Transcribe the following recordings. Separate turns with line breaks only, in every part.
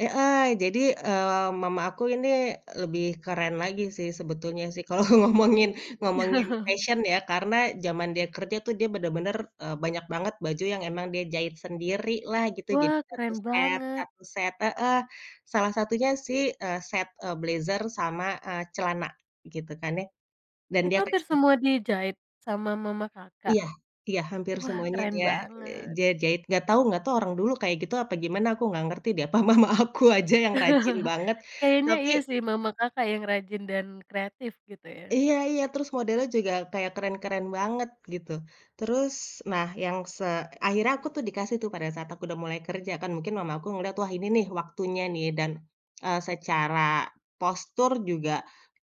Heeh. Jadi, eee, mama aku ini lebih keren lagi sih, sebetulnya sih. Kalau ngomongin ngomongin fashion, ya. Karena zaman dia kerja tuh, dia benar-benar, eee, banyak banget baju yang emang dia jahit sendiri lah, gitu. Jadi,
Wah!
satu
Keren
set
banget.
satu set heeh. Salah satunya sih, eee, set, eee, blazer sama eee, celana, gitu kan, ya. Dan
Itu
dia kayak,
hampir
se
semua dijahit? Sama mama Kakak?
Iya. Iya. Hampir
Wah!
semuanya
Keren
dia, eee,
banget.
dia jahit. Enggak tahu enggak tahu orang dulu kayak gitu, apa gimana, aku enggak ngerti deh. Apa mama aku aja yang rajin banget.
Kayaknya, iya
tapi
sih. Mama Kakak yang rajin dan kreatif, gitu ya.
Iya iya. Terus, modelnya juga kayak keren-keren banget, gitu. Terus, nah, yang se akhirnya aku tuh dikasih tuh pada saat aku udah mulai kerja. Kan, mungkin mama aku ngeliat. Wah, ini nih, waktunya nih. Dan, eee, secara postur juga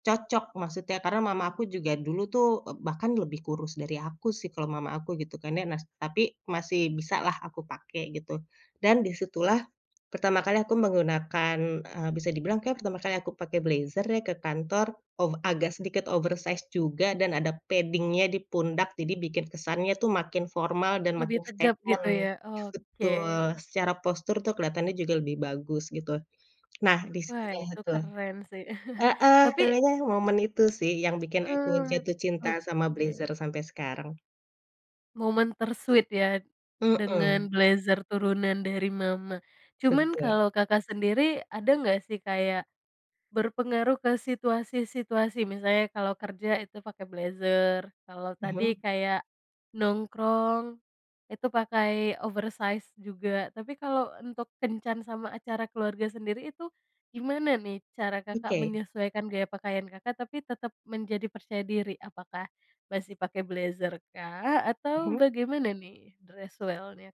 cocok, maksudnya. Karena mama aku juga dulu tuh, eee, bahkan lebih kurus dari aku, sih. Kalau mama aku, gitu kan ya. Nah, tapi masih bisa lah aku pakai, gitu. Dan, di situlah pertama kali aku menggunakan, eee, bisa dibilang kayak pertama kali aku pakai blazer ya, ke kantor. Oh, agak sedikit oversized juga. Dan ada padding-nya di pundak. Jadi bikin kesannya tuh makin formal dan
Lebih
makin
tegap, gitu
statement.
ya. Oke.
Betul. Secara postur tuh keliatannya juga lebih bagus, gitu. Nah, di
Wah,
[unintelligible]
itu
itu
keren sih.
heeh.
Tapi
Kayaknya momen itu sih, yang bikin aku
Mmm,
jatuh cinta sama blazer
Oke.
sampai sekarang.
Momen ter-sweet, ya,
Mhm.
dengan blazer turunan dari mama. Cuman
Betul.
kalau Kakak sendiri, ada enggak sih kayak berpengaruh ke situasi-situasi? Misalnya, kalau kerja itu pakai blazer, kalau
Mhm.
tadi kayak nongkrong itu pakai oversize juga. Tapi kalau untuk kencan sama acara keluarga sendiri, itu gimana nih cara Kakak
Oke
menyesuaikan gaya pakaian Kakak, tapi tetap menjadi percaya diri? Apakah masih pakai blazer, kah? Atau
Mhm.
bagaimana nih. Dress well-nya, Kak?